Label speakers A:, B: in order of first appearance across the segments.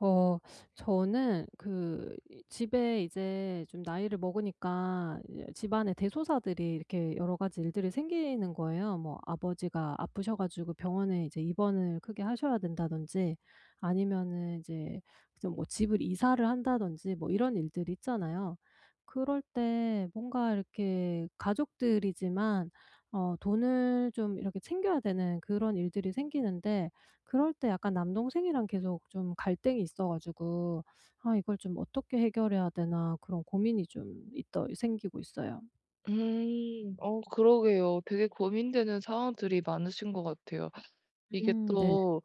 A: 어. 저는 그 이 집에 이제 좀 나이를 먹으니까 이제 집안에 대소사들이 이렇게 여러 가지 일들이 생기는 거예요. 뭐 아버지가 아프셔 가지고 병원에 이제 입원을 크게 하셔야 된다든지 아니면은 이제 이제 뭐 집을 이사를 한다든지 뭐 이런 일들 있잖아요. 그럴 때 뭔가 이렇게 가족들이지만 어 돈을 좀 이렇게 챙겨야 되는 그런 일들이 생기는데 그럴 때 약간 남동생이랑 계속 좀 갈등이 있어 가지고 '아 이걸 좀 어떻게 해결해야 되나.' 그런 고민이 좀 있더 생기고 있어요.
B: 음. 어 그러게요. 되게 고민되는 상황들이 많으신 것 같아요. 이게
A: 음. 네.
B: 또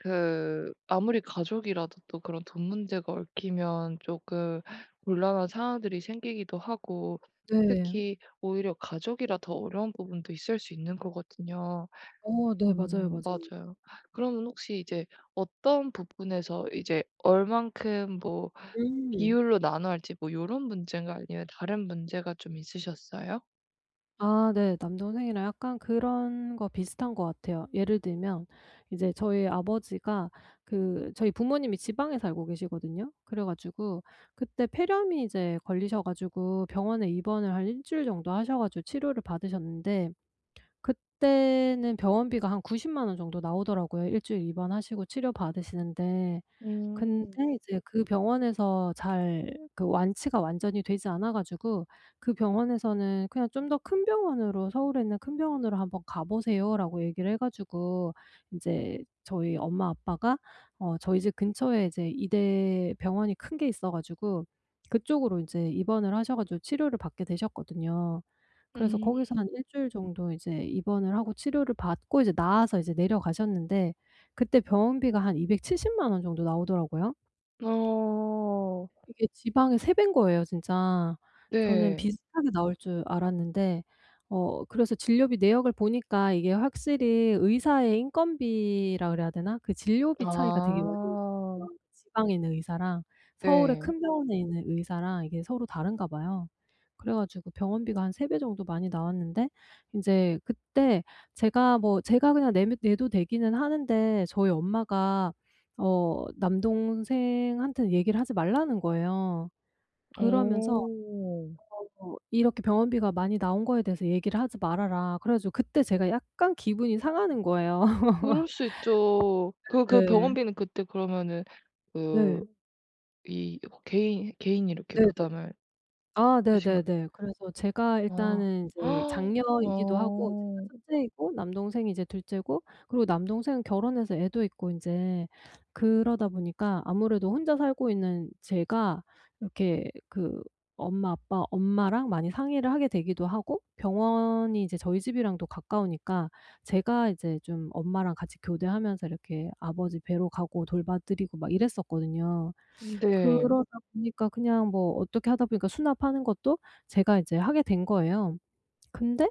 B: 그 아무리 가족이라도 또 그런 돈 문제가 얽히면 쪼끔 곤란한 상황들이 생기기도 하고
A: 네.
B: 특히 오히려 가족이라 더 어려운 부분도 있을 수 있는 거거든요.
A: 어. 네. 맞아요,
B: 음.
A: 맞아요.
B: 맞아요. 그러면 혹시 이제 어떤 부분에서 이제 얼마큼 뭐
A: 음.
B: 비율로 나눠야 할지 뭐 이런 문제인가요? 아니면 다른 문제가 좀 있으셨어요?
A: 아 네. 남동생이랑 약간 그런 거 비슷한 것 같아요. 예를 들면 이제 저희 아버지가 그 저희 부모님이 지방에 살고 계시거든요. 그래 가지고 그때 폐렴이 이제 걸리셔 가지고 병원에 입원을 한 1 주일 정도 하셔 가지고 치료를 받으셨는데 그때는 병원비가 한 900,000 원 정도 나오더라고요 1 주일 입원하시고 치료 받으시는데. 근데
B: 음.
A: 이제 그 병원에서 잘 그 완치가 완전히 되지 않아 가지고 그 병원에서는 '그냥 좀 더 큰 병원으로 서울에 있는 큰 병원으로 한번 가보세요.'라고 얘기를 해 가지고 인제 저희 엄마 아빠가 어 저희 집 근처에 이제 이대 병원이 큰 게 있어 가지고 그쪽으로 이제 입원을 하셔 가지고 치료를 받게 되셨거든요. 그래서
B: 음.
A: 거기서 한 1 주일 정도 이제 입원을 하고 치료를 받고 이제 나아서 이제 내려가셨는데 그때 병원비가 한 2,700,000 원 정도 나오더라고요.
B: 어.
A: 이게 지방의 3 배인 거예요, 진짜. 저는
B: 네.
A: 비슷하게 나올 줄 알았는데 어 그래서 진료비 내역을 보니까 이게 확실히 의사의 인건비라고 그래야 되나? 그 진료비 차이가 되게 많이
B: 아.
A: [unintelligible] 지방에 있는 의사랑 서울에
B: 네.
A: 큰 병원에 있는 의사랑 이게 서로 다른가 봐요. 그래 가지고 병원비가 한 3 배 정도 많이 나왔는데 인제 그때 제가 뭐 제가 그냥 내면 내도 되기는 하는데 저희 엄마가 어 남동생한테는 얘기를 하지 말라는 거예요. 그러면서
B: 어.
A: 어 "이렇게 병원비가 많이 나온 거에 대해서 얘기를 하지 말아라." 그래 가지고 그때 제가 약간 기분이 상하는 거예요.
B: 그럴 수 있죠. 그 그
A: 네.
B: 병원비는 그때 그러면은 그
A: 네.
B: 이 개인, 개인이 이렇게
A: 네네.
B: 부담할
A: 아
B: 그러신가요?
A: 네네네. 그래서 제가
B: 아.
A: 일단은 이제 장녀이기도 하고 제가
B: 어.
A: 첫째이고 남동생이 이제 둘째고 그리고 남동생은 결혼해서 애도 있고 인제 그러다 보니까 아무래도 혼자 살고 있는 제가 이렇게 그 엄마 아빠 엄마랑 많이 상의를 하게 되기도 하고 병원이 이제 저희 집이랑도 가까우니까 제가 이제 좀 엄마랑 같이 교대하면서 이렇게 아버지 뵈러 가고 돌봐드리고 막 이랬었거든요.
B: 네.
A: 그러다 보니까 그냥 뭐 어떻게 하다 보니까 수납하는 것도 제가 이제 하게 된 거예요. 근데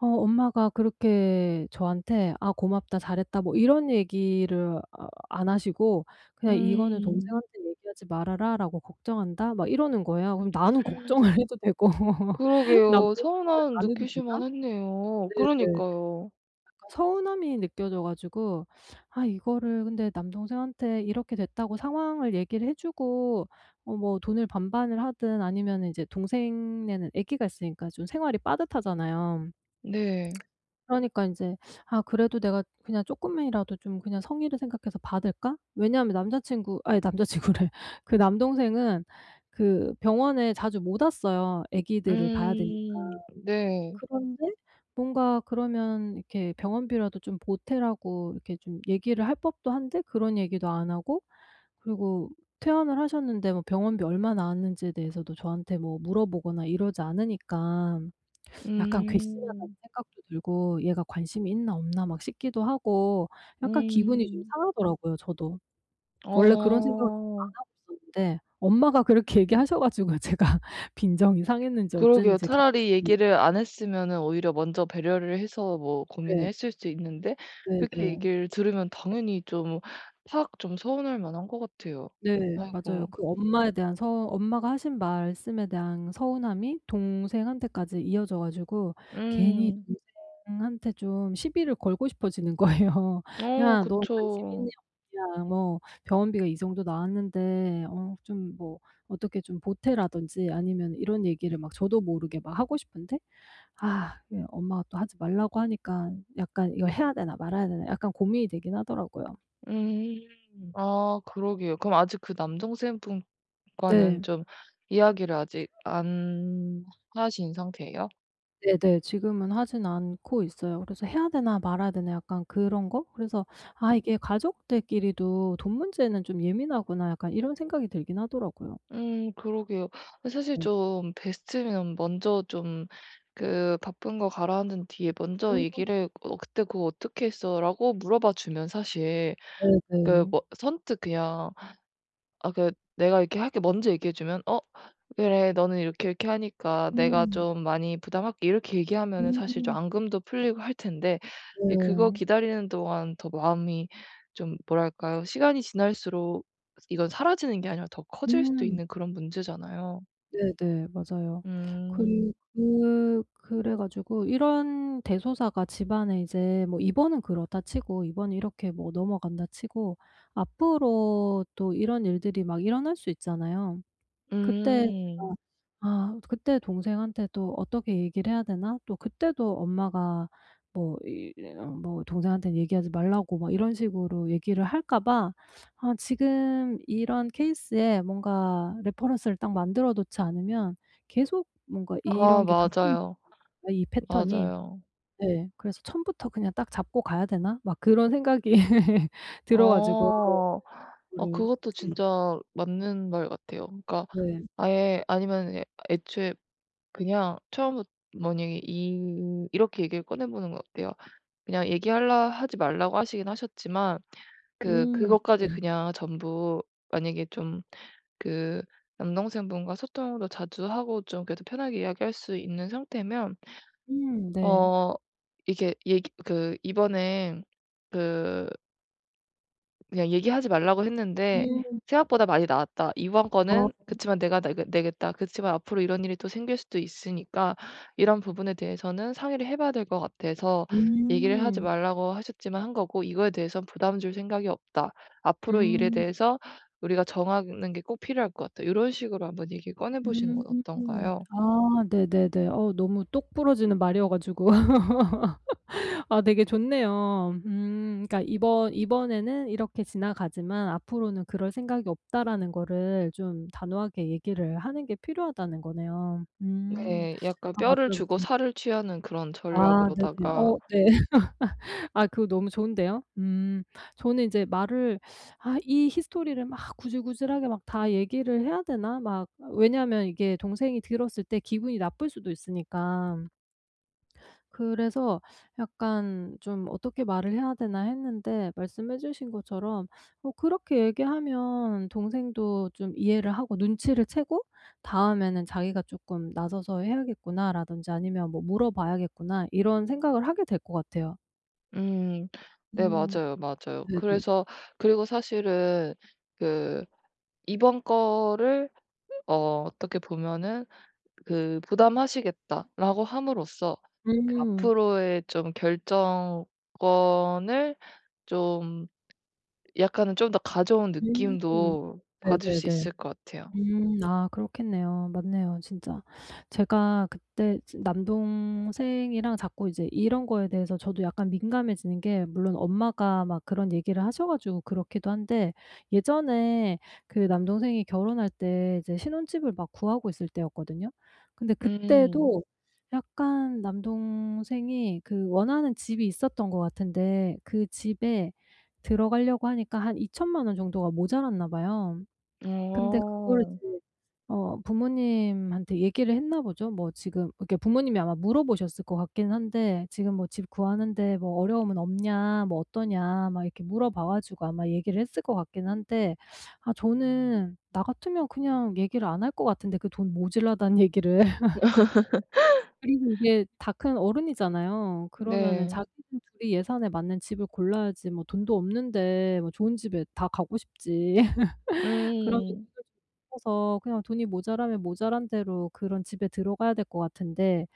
A: 어 엄마가 그렇게 저한테 아 "고맙다. 잘했다." 뭐 이런 얘기를 아 안 하시고 그냥 "이거는
B: 음.
A: 동생한테 얘기하지 말아라."라고 "걱정한다." 막 이러는 거예요. 그럼 나는 걱정을 해도 되고
B: 그러게요.
A: 남동생은
B: 서운함
A: 안 해도
B: 느끼실
A: 되나?
B: 만했네요.
A: 네네.
B: 그러니까요.
A: 그니까 서운함이 느껴져 가지고 아 이거를 근데 남동생한테 이렇게 됐다고 상황을 얘기를 해주고 뭐 뭐 돈을 반반을 하든 아니면은 이제 동생네는 아기가 있으니까 좀 생활이 빠듯하잖아요.
B: 네.
A: 그러니까 인제 아 그래도 내가 그냥 쪼끔이라도 좀 그냥 성의를 생각해서 받을까? 왜냐하면 남자친구 아이 남자친구래. 그 남동생은 그 병원에 자주 못 왔어요, 아기들을 봐야 되니까.
B: 음 네.
A: 그런데 뭔가 그러면 이렇게 병원비라도 좀 보태라고 이렇게 좀 얘기를 할 법도 한데 그런 얘기도 안 하고 그리고 퇴원을 하셨는데 뭐 병원비 얼마 나왔는지에 대해서도 저한테 뭐 물어보거나 이러지 않으니까 약간 괘씸하다는
B: 음.
A: 생각도 들고 얘가 관심이 있나 없나 막 싶기도 하고 약간 기분이 좀
B: 음.
A: 상하더라고요 저도. 원래 그런 생각을 좀 안
B: 어.
A: 하고 있었는데 엄마가 그렇게 얘기하셔 가지고 제가 빈정이 상했는지
B: 그러게요.
A: 어쨌는지
B: 차라리
A: 갑자기
B: 얘기를 안 했으면은 오히려 먼저 배려를 해서 뭐 고민을
A: 네.
B: 했을 수 있는데
A: 네
B: 그렇게
A: 네.
B: 얘기를 들으면 당연히 좀 팍 좀 서운할만한 것 같아요.
A: 네. 맞아요.
B: 아이고.
A: 그 엄마에 대한 서 엄마가 하신 말씀에 대한 서운함이 동생한테까지 이어져 가지고 괜히
B: 음.
A: 동생한테 좀 시비를 걸고 싶어지는 거예요.
B: 어
A: 야, 너 관심 있냐,
B: 그쵸.
A: 없냐. 뭐 병원비가 이 정도 나왔는데 어 좀 뭐 어떻게 좀 보태라든지 아니면 이런 얘기를 막 저도 모르게 막 하고 싶은데 아 그게 엄마가 또 하지 말라고 하니깐 약간 이거 해야 되나 말아야 되나 약간 고민이 되긴 하더라고요.
B: 음. 아 그러게요. 그럼 아직 그 남동생 분과는
A: 네.
B: 좀 이야기를 아직 안 하신 상태예요?
A: 네네, 지금은 하진 않고 있어요. 그래서 해야 되나 말아야 되나 약간 그런 거? 그래서 '아 이게 가족들끼리도 돈 문제는 좀 예민하구나.' 약간 이런 생각이 들긴 하더라고요.
B: 음 그러게요. 어 사실
A: 네.
B: 좀 베스트면 먼저 좀 그 바쁜 거 가라앉은 뒤에 먼저
A: 음.
B: 얘기를 "어 그때 그거 어떻게 했어?"라고 물어봐 주면 사실 그
A: 네네.
B: 뭐 선뜻 그냥 아 그 "내가 이렇게 할게." 먼저 얘기해 주면 어 "그래 너는 이렇게, 이렇게 하니까 내가
A: 음.
B: 좀 많이 부담할게." 이렇게 얘기하면은 사실 좀
A: 음.
B: 앙금도 풀리고 할 텐데 이 그거
A: 네.
B: 기다리는 동안 더 마음이 좀 뭐랄까요, 시간이 지날수록 이건 사라지는 게 아니라 더 커질 수도
A: 음.
B: 있는 그런 문제잖아요.
A: 네네, 맞아요. 그리
B: 음.
A: 그 그래 가지고 이런 대소사가 집안에 이제 뭐 이번은 그렇다 치고, 이번은 이렇게 뭐 넘어간다 치고 앞으로도 이런 일들이 막 일어날 수 있잖아요. 그때
B: 음.
A: 제가 '아, 그때 동생한테 또 어떻게 얘기를 해야 되나?' 또 그때도 엄마가 뭐 뭐 동생한테는 얘기하지 말라고 막 이런 식으로 얘기를 할까 봐 아 지금 이런 케이스에 뭔가 레퍼런스를 딱 만들어 놓지 않으면 계속 뭔가
B: 아,
A: 이런 게 [unintelligible]
B: 맞아요,
A: 이 패턴이
B: 맞아요.
A: 네, 그래서 '처음부터 그냥 딱 잡고 가야 되나?' 막 그런 생각이 들어 가지고
B: 어 어
A: 그거를
B: 그것도
A: 이제
B: 진짜 맞는 말 같아요. 그러니까
A: 네.
B: 아예 아니면은 애초에 그냥 처음부터 만약에 이 이렇게 얘기를 꺼내보는 건 어때요? 그냥 얘기할라 하지 말라고 하시긴 하셨지만 그
A: 음
B: 그것까지
A: 네.
B: 그냥 전부 만약에 좀 그 남동생분과 소통도 자주 하고 좀 그래도 편하게 이야기할 수 있는 상태면
A: 음 네.
B: 어 이게 얘기 그 이번에 그 그냥 "얘기하지 말라고 했는데
A: 음.
B: 생각보다 많이 나왔다. 이번
A: 아.
B: 건은 그치만 내가 내게 내겠다. 그치만 앞으로 이런 일이 또 생길 수도 있으니까 이런 부분에 대해서는 상의를 해 봐야 될 것 같아서 얘기를 하지
A: 음.
B: 말라고 하셨지만 한 거고 이거에 대해선 부담 줄 생각이 없다. 앞으로 이 일에
A: 음.
B: 대해서 우리가 정하는 게 꼭 필요할 것 같다." 요런 식으로 한번 얘기를 꺼내 보시는
A: 음.
B: 건 어떤가요?
A: 아. 네네네. 어우 너무 똑 부러지는 말이여 가지고. 아 되게 좋네요. 음. 그러니까 이번 '이번에는 이렇게 지나가지만 앞으로는 그럴 생각이 없다.'라는 거를 좀 단호하게 얘기를 하는 게 필요하다는 거네요. 음.
B: 네. 약간
A: 아
B: 뼈를
A: 맞아요.
B: 주고
A: 좀.
B: 살을 취하는 그런
A: 아. 네네. 어
B: 전략으로다가
A: 네. 아 그거 너무 좋은데요. 음. 저는 인제 말을 '아 이 히스토리를 막 구질구질하게 다 얘기를 해야 되나?' 막 왜냐하면 이게 동생이 들었을 때 기분이 나쁠 수도 있으니까. 그래서 약간 좀 '어떻게 말을 해야 되나.' 했는데 말씀해 주신 것처럼 뭐 그렇게 얘기하면 동생도 좀 이해를 하고 눈치를 채고 '다음에는 자기가 쪼끔 나서서 해야겠구나.' 라든지 아니면 뭐 '물어봐야겠구나.' 이런 생각을 하게 될 것 같아요.
B: 음 네,
A: 음
B: 맞아요, 맞아요.
A: 네네.
B: 그래서 그리고 사실은 그 이번 거를 어 어떻게 보면은 그 "부담하시겠다."라고 함으로써 그
A: 음.
B: 앞으로의 좀 결정권을 좀 약간은 좀 더 가져온
A: 음,
B: 느낌도 받을 수
A: 네네네.
B: 있을 것 같아요.
A: 음 아, 그렇겠네요. 맞네요, 진짜. 제가 그때 진 남동생이랑 자꾸 이제 이런 거에 대해서 저도 약간 민감해지는 게 물론 엄마가 막 그런 얘기를 하셔 가지고 그렇기도 한데 예전에 그 남동생이 결혼할 때 이제 신혼집을 막 구하고 있을 때였거든요. 근데
B: 음.
A: 그때도 약간 남동생이 그 원하는 집이 있었던 것 같은데 그 집에 들어가려고 하니까 한 20,000,000 원 정도가 모자랐나 봐요. 근데 그거를
B: 어.
A: 이제 어 부모님한테 얘기를 했나 보죠. 뭐 지금 이게 부모님이 아마 물어보셨을 것 같긴 한데 "지금 뭐 집 구하는데 어려움은 없냐? 뭐 어떠냐?" 막 이렇게 물어봐 가지고 아마 얘기를 했을 것 같긴 한데 아 저는 나 같으면 그냥 얘기를 안 할 것 같은데 그 돈 모자라다 는 얘기를. 그리고 이게 다 큰 어른이잖아요. 그러면은
B: 네.
A: 자기들 둘이 예산에 맞는 집을 골라야지 뭐 돈도 없는데 뭐 좋은 집에 다 가고 싶지. 그러면
B: 음.
A: [unintelligible] 그냥 돈이 모자라면 모자란 대로 그런 집에 들어가야 될 것 같은데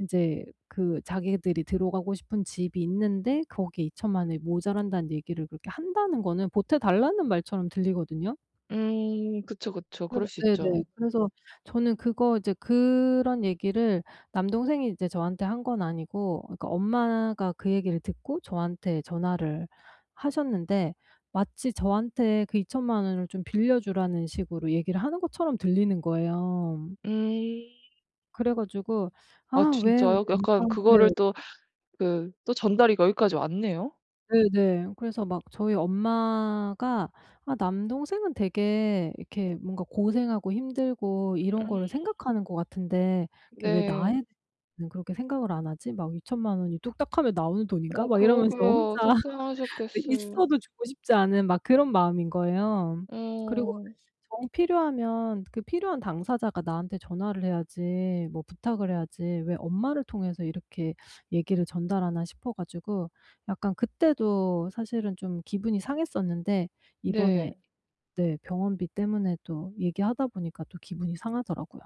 A: 이제 그 자기들이 들어가고 싶은 집이 있는데 거기에 20,000,000 원이 모자란다는 얘기를 그렇게 한다는 거는 보태달라는 말처럼 들리거든요.
B: 음 그쵸, 그쵸,
A: 그래서
B: 그럴 수
A: 네네,
B: 있죠.
A: 그래서 저는 그거 이제 그런 얘기를 남동생이 이제 저한테 한 건 아니고 그니까 엄마가 그 얘기를 듣고 저한테 전화를 하셨는데 마치 저한테 그 20,000,000 원을 좀 빌려주라는 식으로 얘기를 하는 것처럼 들리는 거예요.
B: 음.
A: 그래 가지고
B: 아
A: "아, 왜 우리
B: 진짜요? 약간
A: 엄마한테"
B: 그거를 또 그 또 전달이 거기까지 왔네요.
A: 네네, 그래서 막 저희 '엄마가 아, 남동생은 되게 이렇게 뭔가 고생하고 힘들고 이런
B: 음.
A: 거를 생각하는 것 같은데 이렇게 왜 나에
B: 네.
A: 대해 는 그렇게 생각을 안 하지? 막 20,000,000 원이 뚝딱하면 나오는 돈인가?'
B: 어,
A: 막 이러면서 혼자
B: 그러게요.
A: 네,
B: 속상하셨겠어요.
A: 있어도 주고 싶지 않은 막 그런 마음인 거예요. 그리고
B: 어.
A: 정 필요하면 그 필요한 당사자가 나한테 전화를 해야지 뭐 부탁을 해야지 '왜 엄마를 통해서 이렇게 얘기를 전달하나?' 싶어 가지고 약간 그때도 사실은 좀 기분이 상했었는데 이번에
B: 네.
A: 네, 병원비 때문에 또 얘기하다 보니까 또 기분이 상하더라고요.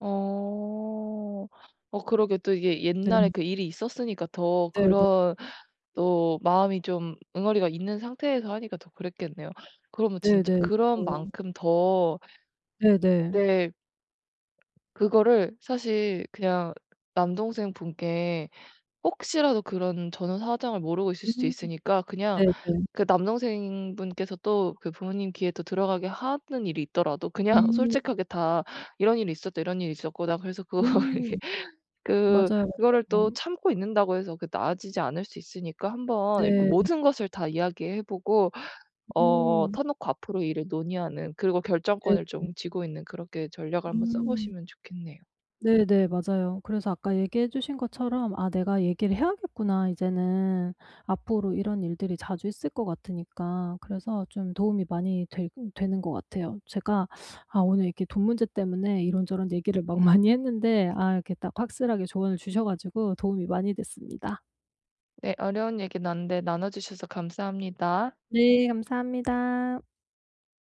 B: 어, 어 그러게 또 이게 옛날에
A: 네.
B: 그 일이 있었으니까 더
A: 네네.
B: 그런 또 마음이 좀 응어리가 있는 상태에서 하니까 더 그랬겠네요. 그러면 진짜
A: 네네,
B: 그런
A: 맞아요.
B: 만큼 더
A: 네네.
B: 네. 그거를 사실 그냥 남동생분께 혹시라도 그런 전후 사정을 모르고 있을 수도
A: 음,
B: 있으니까 그냥
A: 네네.
B: 그 남동생분께서 또 그 부모님 귀에 또 들어가게 하는 일이 있더라도 그냥
A: 음.
B: 솔직하게 다 "이런 일이 있었다, 이런 일이 있었고, 난 그래서 그거를 이렇게"
A: 음,
B: 그
A: 맞아요,
B: 그거를 또
A: 맞아요.
B: 참고 있는다고 해서 그게 나아지지 않을 수 있으니까 한번 이렇게
A: 네.
B: 모든 것을 다 이야기해 보고, 어,
A: 음.
B: 터놓고 앞으로 일을 논의하는, 그리고
A: 네
B: 결정권을 좀
A: 음.
B: 쥐고 있는 그렇게 전략을 한번 써
A: 음.
B: 보시면 좋겠네요.
A: 네네, 맞아요. 그래서 아까 얘기해 주신 것처럼 '아, 내가 얘기를 해야겠구나 이제는 앞으로 이런 일들이 자주 있을 것 같으니까.' 그래서 좀 도움이 많이 되 되는 것 같아요. 제가 아, 오늘 이렇게 돈 문제 때문에 이런저런 얘기를 막 많이 했는데 아, 이렇게 딱 확실하게 조언을 주셔 가지고 도움이 많이 됐습니다.
B: 네, 어려운 얘기 나눴는데 나눠 주셔서 감사합니다.
A: 네, 감사합니다.